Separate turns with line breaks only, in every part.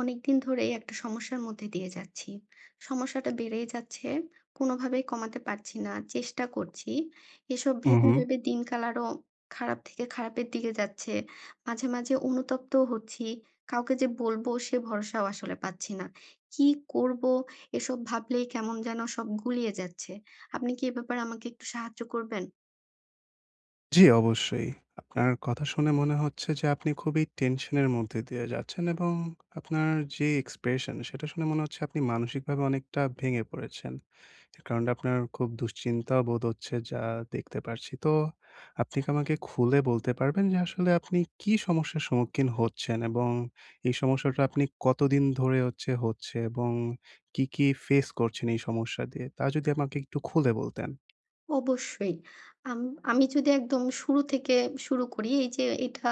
অনেকদিন ধরেই একটা সমস্যার মধ্যে দিয়ে যাচ্ছি। সমস্যাটা বেড়েই যাচ্ছে কোনোভাবেই কমাতে পারছি না। চেষ্টা করছি। এসব
হু,
ভেবে,
হু।
ভেবে দিনকাল আরও খারাপ থেকে খারাপের দিকে যাচ্ছে। মাঝে, মাঝে অনুতপ্ত হচ্ছি কাউকে যে বলব সে ভরসাও আসলে পাচ্ছি না। কি করব এসব ভাবলেই কেমন যেন সব গুলিয়ে যাচ্ছে। আপনি কি এ ব্যাপারে আমাকে একটু সাহায্য করবেন?
জি অবশ্যই আপনার কথা শুনে মনে হচ্ছে যে আপনি খুবই টেনশনের মধ্যে দিয়ে যাচ্ছেন এবং আপনার যে এক্সপ্রেশন সেটা শুনে মনে হচ্ছে আপনি মানসিকভাবে অনেকটা ভেঙে পড়েছেন। কারণ আপনার খুব দুশ্চিন্তা বোধ হচ্ছে যা দেখতে পারছি। তো আপনি কি আমাকে খুলে বলতে পারবেন যে আসলে আপনি কি সমস্যার সম্মুখীন হচ্ছেন এবং এই সমস্যাটা আপনি কতদিন ধরে হচ্ছে হচ্ছে এবং কী, কী ফেস করছেন? এই সমস্যা দিয়ে তা যদি আমাকে একটু খুলে বলতেন।
অবশ্যই। আম আমি যদি একদম শুরু থেকে শুরু করি এইযে এটা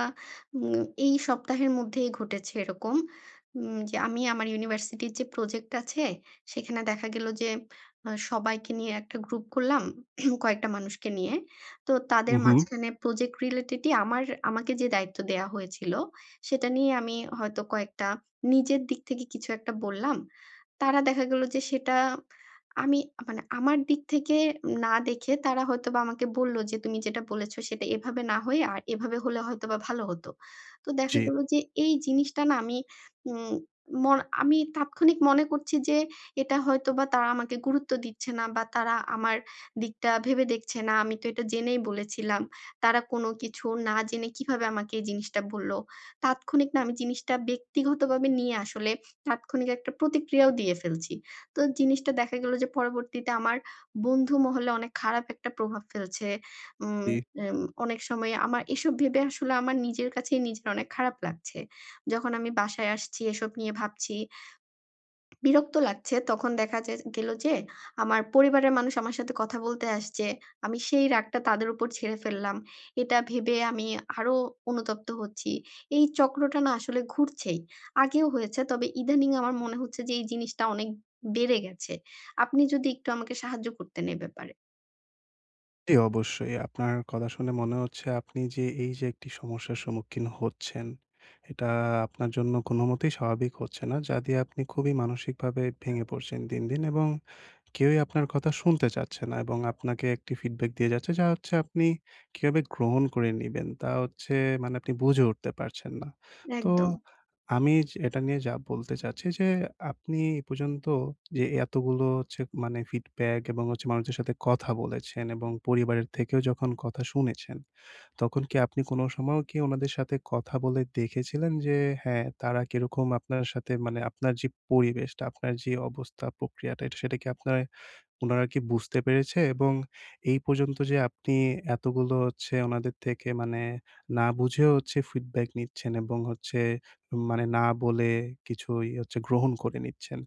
উম এই সপ্তাহের মধ্যেই ঘটেছে এরকম। উম যে আমি আমার ইউনিভার্সিটির যে প্রজেক্ট আছে, সেখানে দেখা গেল যে আ সবাইকে নিয়ে একটা গ্রুপ করলাম। কয়েকটা মানুষকে নিয়ে। তো তাদের
উঁ হু।
মাঝখানে প্রজেক্ট রিলেটেডই আমার আমাকে যে দায়িত্ব দেয়া হয়েছিল সেটা নিয়ে আমি হয়তো কয়েকটা নিজের দিক থেকে কিছু একটা বললাম। তারা দেখা গেল যে সেটা আমি মানে আমার দিক থেকে না দেখে তারা হয়তোবা আমাকে বলল যে তুমি যেটা বলেছো সেটা এভাবে না হয় আ এভাবে হলে হয়তো ভালো হতো। তো দেখা
জি।
গেল যে এই জিনিসটা না আমি উম ম আমি তাৎক্ষণিক মনে করছি যে এটা হয়তোবা তারা আমাকে গুরুত্ব দিচ্ছে না বা তারা আমার দিকটা ভেবে দেখছে না। আমি তো এটা জেনেই বলেছিলাম। তারা কোনো কিছু না জেনে কিভাবে আমাকে এই জিনিসটা বলল। তাৎক্ষণিক না আমি জিনিসটা ব্যক্তিগতভাবে নিয়ে আসলে তাৎক্ষণিক একটা প্রতিক্রিয়াও দিয়ে ফেলছি। তো জিনিসটা দেখা গেল যে পরবর্তীতে আমার বন্ধু মহলে অনেক খারাপ একটা প্রভাব ফেলছে। উম
জি।
উম অনেক সময় আমার এসব ভেবে আসলে আমার নিজের কাছেই নিজের অনেক খারাপ লাগছে। যখন আমি বাসায় আসছি এসব নিয়ে ভাবছি বিরক্ত লাগছে। তখন দেখা যা গেল যে আমার পরিবারের মানুষ আমার সাথে কথা বলতে আসছে। আমি সেই রাগটা তাদের উপর ঝেড়ে ফেললাম। এটা ভেবে আমি আরো অনুতপ্ত হচ্ছি। এই চক্রটা না আসলে ঘুরছেই। আগেও হয়েছে তবে ইদানিং আমার মনে হচ্ছে যে এই জিনিসটা অনেক বেড়ে গেছে। আপনি যদি একটু আমাকে সাহায্য করতেন এই ব্যাপারে।
জি, অবশ্যই আপনার কথা শুনে মনে হচ্ছে আপনি যে এই যে একটি সমস্যার সম্মুখীন হচ্ছেন, এটা আপনার জন্য কোনোমতেই স্বাভাবিক হচ্ছে না যা দিয়ে আপনি খুবই মানসিকভাবে ভেঙে পড়ছেন দিন, দিন এবং কেউই আপনার কথা শুনতে চাচ্ছে না এবং আপনাকে একটি ফিডব্যাক দিয়ে যাচ্ছে যা হচ্ছে আপনি কিভাবে গ্রহণ করে নিবেন তা হচ্ছে মানে আপনি বুঝে উঠতে পারছেন না। তো
একদম।
আমি য এটা নিয়ে যা বলতে চাচ্ছি যে আপনি এ পর্যন্ত যে এতগুলো হচ্ছে মানে ফিডব্যাক এবং হচ্ছে মানুষের সাথে কথা বলেছেন এবং পরিবারের থেকেও যখন কথা শুনেছেন তখন কি আপনি কোনো সময়ও কি উনাদের সাথে কথা বলে দেখেছিলেন যে, হ্যাঁ। তারা কিরকম আপনার সাথে মানে আপনার যে পরিবেশটা আপনার যে অবস্থা প্রক্রিয়াটা এটা সেটা কি আপনার উনারা কি বুঝতে পেরেছে? এবং এই পর্যন্ত যে আপনি এতগুলো হচ্ছে উনাদের থেকে মানে না বুঝেও হচ্ছে ফিডব্যাক নিচ্ছেন এবং হচ্ছে মানে না বলে কিছুই হচ্ছে গ্রহণ করে নিচ্ছেন।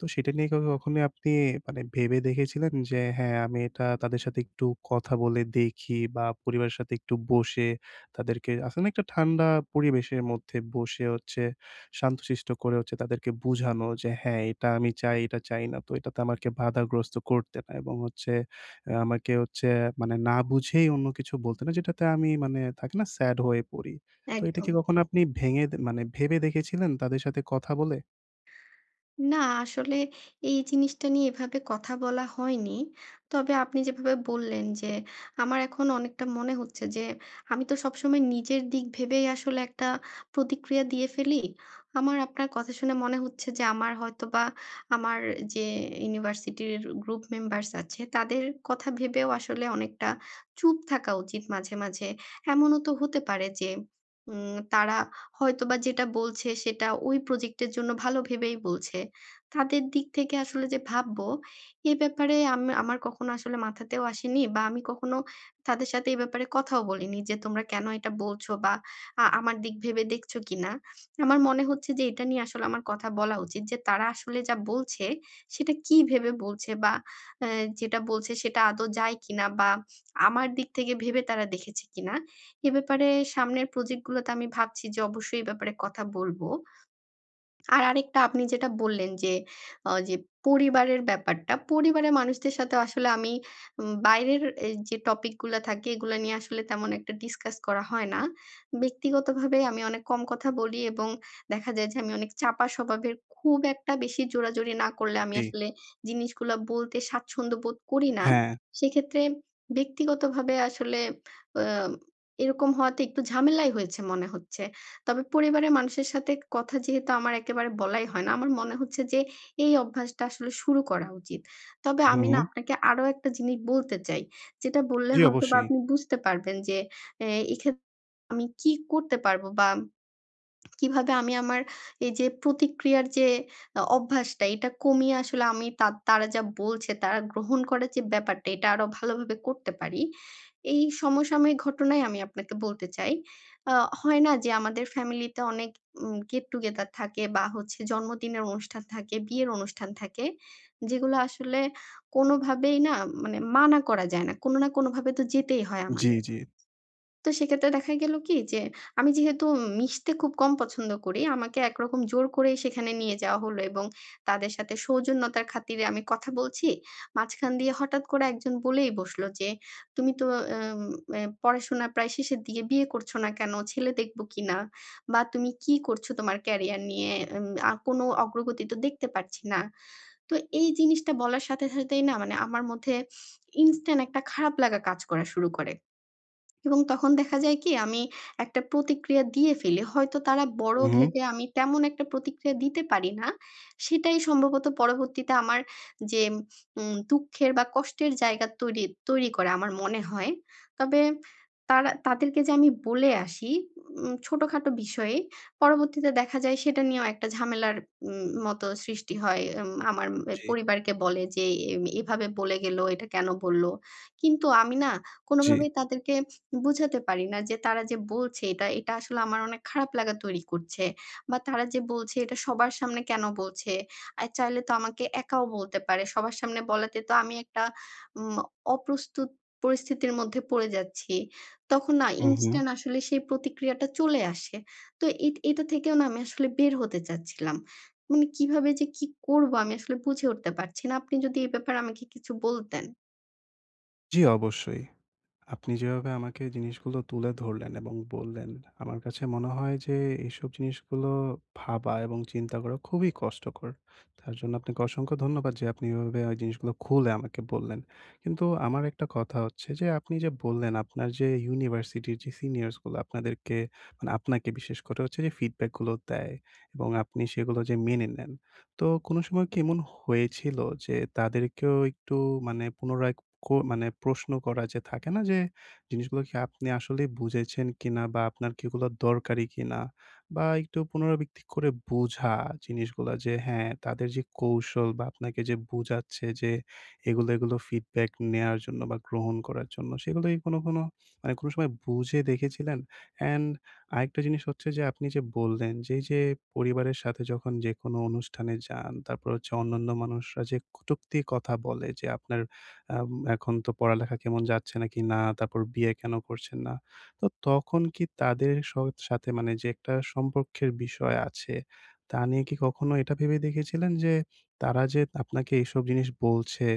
তো সেটা নিয়ে কখনো আপনি মানে ভেবে দেখেছিলেন যে হ্যাঁ। আমি এটা তাদের সাথে একটু কথা বলে দেখি বা পরিবারের সাথে একটু বসে তাদেরকে আছে না একটা ঠান্ডা পরিবেশের মধ্যে বসে হচ্ছে শান্তশিষ্ট করে হচ্ছে তাদেরকে বুঝানো যে হ্যাঁ এটা আমি চাই, এটা চাই না। তো এটাতে আমাকে বাধাগ্রস্ত করতে না এবং হচ্ছে অ্যা আমাকে হচ্ছে মানে না বুঝেই অন্য কিছু বলতে না যেটাতে আমি মানে থাকে না, স্যাড হয়ে পড়ি। তো এটা কি
একদম।
কখনো আপনি ভেঙে মানে ভেবে দেখেছিলেন তাদের সাথে কথা বলে?
না আসলে এই জিনিসটা নিয়ে এভাবে কথা বলা হয়নি। তবে আপনি যেভাবে বললেন যে, আমার এখন অনেকটা মনে হচ্ছে যে, আমি তো সবসময় নিজের দিক ভেবেই আসলে একটা প্রতিক্রিয়া দিয়ে ফেলি। আমার আপনার কথা শুনে মনে হচ্ছে যে, আমার হয়তোবা আমার যে ইউনিভার্সিটির গ্রুপ মেম্বার্স আছে, তাদের কথা ভেবেও আসলে অনেকটা চুপ থাকা উচিত মাঝে, মাঝে। এমনও তো হতে পারে যে, উম তারা হয়তোবা যেটা বলছে সেটা ওই প্রজেক্টের জন্য ভালো ভেবেই বলছে। তাদের দিক থেকে আসলে যে ভাববো, এ ব্যাপারে আম আমার কখনো আসলে মাথাতেও আসেনি বা আমি কখনো তাদের সাথে এ ব্যাপারে কথাও বলিনি যে তোমরা কেনো এটা বলছো? বা আ আমার দিক ভেবে দেখছো কিনা? আমার মনে হচ্ছে যে, এটা নিয়ে আসলে আমার কথা বলা উচিত যে তারা আসলে যা বলছে, সেটা কি ভেবে বলছে? বা এ যেটা বলছে সেটা আদৌ যায় কিনা? বা আমার দিক থেকে ভেবে তারা দেখেছে কিনা? এ ব্যাপারে সামনের প্রজেক্ট গুলোতে আমি ভাবছি যে অবশ্যই এ ব্যাপারে কথা বলবো। আর আরেকটা আপনি যেটা বললেন যে, অ যে পরিবারের ব্যাপারটা। পরিবারের মানুষদের সাথেও আসলে আমি উম বাইরের এই যে টপিকগুলা থাকে এগুলা নিয়ে আসলে তেমন একটা ডিসকাস করা হয় না। ব্যক্তিগতভাবে আমি অনেক কম কথা বলি এবং দেখা যায় যে আমি অনেক চাপা স্বভাবের। খুব একটা বেশি জোরাজুরি না করলে
উ
আমি
জি।
আসলে জিনিসগুলা বলতে স্বাচ্ছন্দ্য বোধ করি না।
হ্যাঁ।
সেক্ষেত্রে ব্যক্তিগত ভাবে আসলে অম এরকম হওয়াতে একটু ঝামেলাই হয়েছে মনে হচ্ছে। তবে পরিবারের মানুষের সাথে কথা যেহেতু আমার একেবারে বলাই হয় না। আমার মনে হচ্ছে যে, এই অভ্যাসটা আসলে শুরু করা উচিত। তবে
হু,
আমি না
হু।
আপনাকে আরো একটা জিনিস বলতে চাই। যেটা বললে
জি,
হয়তোবা
অবশ্যই।
আপনি বুঝতে পারবেন যে, এ এই এক্ষেত আমি কী করতে পারবো? বা কীভাবে আমি আমার এই যে প্রতিক্রিয়ার যে আ অভ্যাসটা এটা কমিয়ে আসলে আমি তাদ তারা যা বলছে তারা গ্রহণ করার যে ব্যাপারটা, এটা আরো ভালোভাবে করতে পারি? এই সমসাময়িক ঘটনাই আমি আপনাকে বলতে চাই। আ হয় না? যে, আমাদের ফ্যামিলিতে অনেক উম গেট টুগেদার থাকে বা হচ্ছে জন্মদিনের অনুষ্ঠান থাকে, বিয়ের অনুষ্ঠান থাকে। যেগুলো আসলে কোনো ভাবেই না উম মানে মানা করা যায় না। কোনো না কোনো ভাবে তো যেতেই হয়
জি,
আমাদে
জি।
তো সেক্ষেত্রে দেখা গেলো কি? যে, আমি যেহেতু উম মিশতে খুব কম পছন্দ করি। আমাকে একরকম জোর করেই সেখানে নিয়ে যাওয়া হলো এবং তাদের সাথে সৌজন্যতার খাতিরে আমি কথা বলছি। মাঝখান দিয়ে হঠাৎ করে একজন বলেই বসলো যে, "তুমি তো এম এ পড়াশোনা প্রায় শেষের দিয়ে বিয়ে করছো না কেনো? ছেলে দেখবো কিনা? বা তুমি কি করছো তোমার ক্যারিয়ার নিয়ে? এম আ কোনো অগ্রগতি তো দেখতে পারছি না।" তো এই জিনিসটা বলার সাথে, সাথেই না মানে আমার মধ্যে ইনস্ট্যান্ট একটা খারাপ লাগা কাজ করা শুরু করে। এবং তখন দেখা যায় কি? আমি একটা প্রতিক্রিয়া দিয়ে ফেলি। হয়তো তারা বড়ো
উ হু।
ভেবে আমি তেমন একটা প্রতিক্রিয়া দিতে পারি না। সেটাই সম্ভবত পরবর্তীতে আমার যেম উম দুঃখের বা কষ্টের জায়গা তৈরি তৈরি করে আমার মনে হয়। তবে তারা তাদেরকে যে আমি বলে আসি উম ছোটো-খাটো বিষয়ে, পরবর্তীতে দেখা যায় সেটা নিয়েও একটা ঝামেলার উম মতো সৃষ্টি হয়। এম আমার এ
জি।
পরিবারকে বলে যে, "এম এভাবে বলে গেলো। এটা কেনো বললো?" কিন্তু আমি না কোনো
জি।
ভাবেই তাদেরকে বুঝাতে পারি না। যে তারা যে বলছে এটা এটা আসলে আমার অনেক খারাপ লাগা তৈরি করছে। বা তারা যে বলছে এটা সবার সামনে কেনো বলছে? আ চাইলে তো আমাকে একাও বলতে পারে। সবার সামনে বলাতে তো আমি একটা উম অপ্রস্তুত পরিস্থিতির মধ্যে পড়ে যাচ্ছি। তখন না
উ হু।
ইনস্টান্ট আসলে সেই প্রতিক্রিয়াটা চলে আসে। তো এট এটা থেকেও না আমি আসলে বের হতে চাচ্ছিলাম। মানে কীভাবে যে কী করবো আমি আসলে বুঝে উঠতে পারছি না? আপনি যদি এ ব্যাপারে আমাকে কিছু বলতেন।
জ্বি অবশ্যই। আপনি যেভাবে আমাকে জিনিসগুলো তুলে ধরলেন এবং বললেন, আমার কাছে মনে হয় যে এসব জিনিসগুলো ভাবা এবং চিন্তা করা খুবই কষ্টকর। তার জন্য আপনাকে অসংখ্য ধন্যবাদ যে আপনি এভাবে জিনিসগুলো খুলে আমাকে বললেন। কিন্তু আমার একটা কথা হচ্ছে যে, আপনি যে বললেন আপনার যে ইউনিভার্সিটির সিনিয়রস গুলো আপনাদেরকে মানে আপনাকে বিশেষ করে হচ্ছে যে ফিডব্যাক গুলো দেয়, এবং আপনি সেগুলো মেনে নেন। তো কোনো সময় কি এমন হয়েছিল যে তাদেরকেও একটু মানে পুনরায় কো মানে প্রশ্ন করা যে থাকে না? যে জিনিসগুলো কি আপনি আসলেই বুঝেছেন কিনা বা আপনার কিগুলো দরকারি কিনা বা একটু পুনরাবৃত্তি করে বুঝা জিনিসগুলো যে হ্যাঁ, তাদের যে কৌশল বা আপনাকে যে বুঝাচ্ছে যে এগুলো, এগুলো ফিডব্যাক নেয়ার জন্য বা গ্রহণ করার জন্য সেগুলো কোনো, কোনো আ কোনো সময় বুঝে দেখেছিলেন? অ্যান্ড আরেকটা জিনিস হচ্ছে যে আপনি যে বললেন যে এই যে পরিবারের সাথে যখন যেকোনো অনুষ্ঠানে যান তারপর হচ্ছে অন্যান্য মানুষরা যে কটুক্তি কথা বলে যে আপনার আম এখন তো পড়ালেখা কেমন যাচ্ছে না কিনা, তারপর বিয়ে কেন করছেন না। তো তখন কি তাদের স সাথে মানে যে একটা সম্পর্কের বিষয় আছে। তা নিয়ে কি কখনো এটা ভেবে দেখেছিলেন যে তারা যে আপনাকে এসব জিনিস বলছে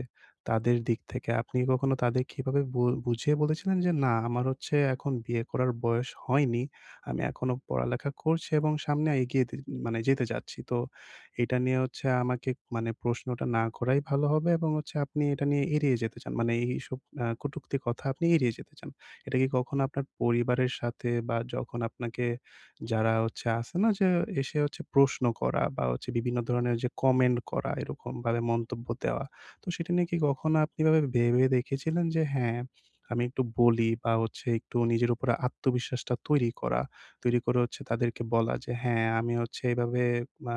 তাদের দিক থেকে আপনি কখনো তাদেরকে এভাবে বু বুঝিয়ে বলেছিলেন? যে না আমার হচ্ছে এখন বিয়ে করার বয়স হয়নি। আমি এখনো পড়ালেখা করছি এবং সামনে এগিয়ে দে মানে যেতে চাচ্ছি। তো এটা নিয়ে হচ্ছে আমাকে মানে প্রশ্নটা না করাই ভালো হবে এবং হচ্ছে আপনি এটা নিয়ে এড়িয়ে যেতে চান। মানে এইসব আ কটুক্তি কথা আপনি এড়িয়ে যেতে চান। এটা কি কখনো আপনার পরিবারের সাথে বা যখন আপনাকে যারা হচ্ছে আছে না? যে এসে প্রশ্ন করা বা হচ্ছে বিভিন্ন ধরনের যে কমেন্ট করা, এরকমভাবে মন্তব্য দেওয়া। তো সেটা নিয়ে কি কখনো আপনি এভাবে ভেবে দেখেছিলেন যে হ্যাঁ, আমি একটু বলি বা হচ্ছে একটু নিজের উপরে আত্মবিশ্বাসটা তৈরি করা। তৈরি করে হচ্ছে তাদেরকে বলা যে হ্যাঁ আমি হচ্ছে এভাবে আ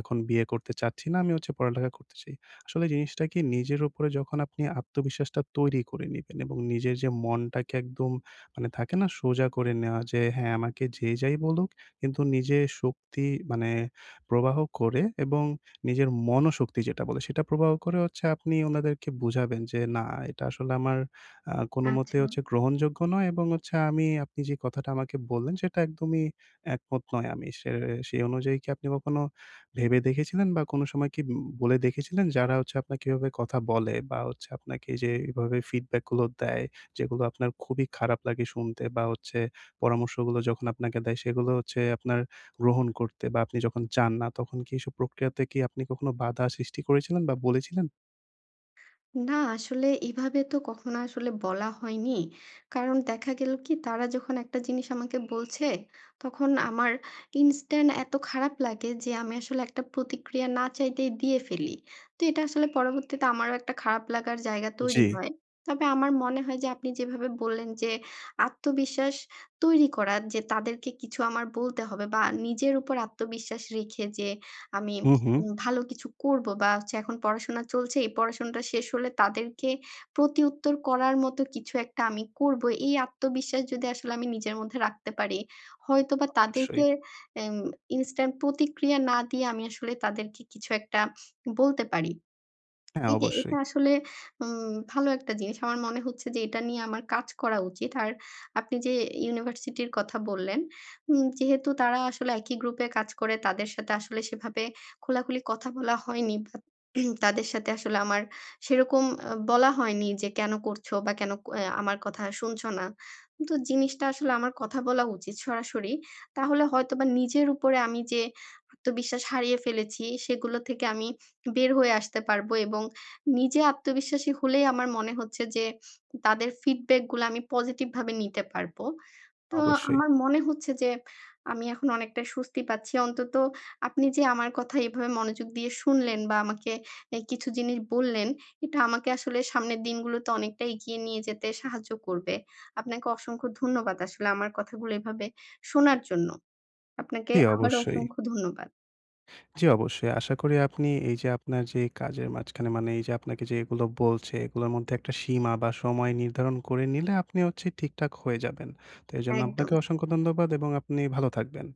এখন বিয়ে করতে চাচ্ছি না। আমি হচ্ছে পড়ালেখা করতে চাই। আসলে জিনিসটা কি নিজের উপরে যখন আপনি আত্মবিশ্বাসটা তৈরি করে নিবেন এবং নিজের যে মনটাকে একদম মানে থাকে না? সোজা করে নেওয়া যে হ্যাঁ, আমাকে যে যাই বলুক, কিন্তু নিজের শক্তি মানে প্রবাহ করে এবং নিজের মনোশক্তি যেটা বলে সেটা প্রবাহ করে হচ্ছে আপনি ওনাদেরকে বুঝাবেন যে না এটা আসলে আমার আ কোনোমতে
আচ্ছা।
হচ্ছে গ্রহণযোগ্য নয় এবং হচ্ছে আমি আপনি যে কথাটা আমাকে বললেন সেটা একদমই একমত নয়। সে সে অনুযায়ী কি আপনি কখনো ভেবে দেখেছিলেন বা কোনো সময় কি উ বলে দেখেছিলেন যারা হচ্ছে আপনাকে এভাবে কথা বলে বা হচ্ছে আপনাকে যে এভাবে ফিডব্যাক গুলো দেয়, যেগুলো আপনার খুবই খারাপ লাগে শুনতে বা হচ্ছে পরামর্শগুলো যখন আপনাকে দেয় সেগুলো হচ্ছে আপনার গ্রহণ করতে বা আপনি যখন চান না তখন কি এসব প্রক্রিয়াতে কি আপনি কখনো বাধা সৃষ্টি করেছিলেন বা বলেছিলেন?
না আসলে এভাবে তো কখনো আসলে বলা হয়নি। কারণ দেখা গেলো কি তারা যখন একটা জিনিস আমাকে বলছে, তখন আমার ইনস্টান্ট এত খারাপ লাগে যে আমি আসলে একটা প্রতিক্রিয়া না চাইতেই দিয়ে ফেলি। তো এটা আসলে পরবর্তীতে আমারও একটা খারাপ লাগার জায়গা তৈরি
জি।
হয়। তবে আমার মনে হয় যে আপনি যেভাবে বললেন যে আত্মবিশ্বাস তৈরি করার। যে তাদেরকে কিছু আমার বলতে হবে বা নিজের উপর আত্মবিশ্বাস রেখে যে আমি
হুম, হুম।
ভালো কিছু করবো বা, হচ্ছে এখন পড়াশোনা চলছে এই পড়াশোনাটা শেষ হলে তাদেরকে প্রতিউত্তর করার মতো কিছু একটা আমি করবো এই আত্মবিশ্বাস যদি আসলে আমি নিজের মধ্যে রাখতে পারি হয়তোবা তাদেরকে
অবশ্যই।
অ্যা ইনস্ট্যান্ট প্রতিক্রিয়া না দিয়ে আমি আসলে তাদেরকে কিছু একটা বলতে পারি।
হ্যাঁ,
এই যে এটা
অবশ্যই।
আসলে। উম ভালো একটা জিনিস আমার মনে হচ্ছে যে এটা নিয়ে আমার কাজ করা উচিত। আর আপনি যে ইউনিভার্সিটির কথা বললেন উম যেহেতু তারা আসলে একই গ্রুপে কাজ করে তাদের সাথে আসলে সেভাবে খোলা-খুলি কথা বলা হয়নি বা, তাদের সাথে আসলে আমার সেরকম আ বলা হয়নি যে কেন করছো বা কেন অ্যাঁ আমার কথা শুনছো না। তো জিনিসটা আসলে আমার কথা বলা উচিত সরাসরি তাহলে হয়তোবা নিজের উপরে আমি যে আত্মবিশ্বাস হারিয়ে ফেলি ফেলেছি সেগুলো থেকে আমি বের হয়ে আসতে পারবো এবং নিজে আত্মবিশ্বাসী হলেই আমার মনে হচ্ছে যে তাদের ফিডব্যাক গুলো আমি পজিটিভ ভাবে নিতে পারবো। তো
অবশ্যই।
আমার মনে হচ্ছে যে আমি এখন অনেকটাই স্বস্তি পাচ্ছি। অন্তত আপনি যে আমার কথা এভাবে মনোযোগ দিয়ে শুনলেন বা আমাকে অ্যাঁ কিছু জিনিস বললেন এটা আমাকে আসলে সামনের দিনগুলোতে অনেকটা এগিয়ে নিয়ে যেতে সাহায্য করবে। আপনাকে অসংখ্য ধন্যবাদ আসলে আমার কথাগুলো এভাবে শোনার জন্য। আপনাকে
জি,
আবারও
অবশ্যই।
অসংখ্য ধন্যবাদ।
জি অবশ্যই। আশা করি আপনি এই যে আপনার যে কাজের মাঝখানে মানে এই যে আপনাকে যে এগুলো বলছে এগুলোর মধ্যে একটা সীমা বা সময় নির্ধারণ করে নিলে আপনি হচ্ছে ঠিকঠাক হয়ে যাবেন। তো এজন্য আপনাকে
একদম।
অসংখ্য ধন্যবাদ এবং আপনি ভালো থাকবেন।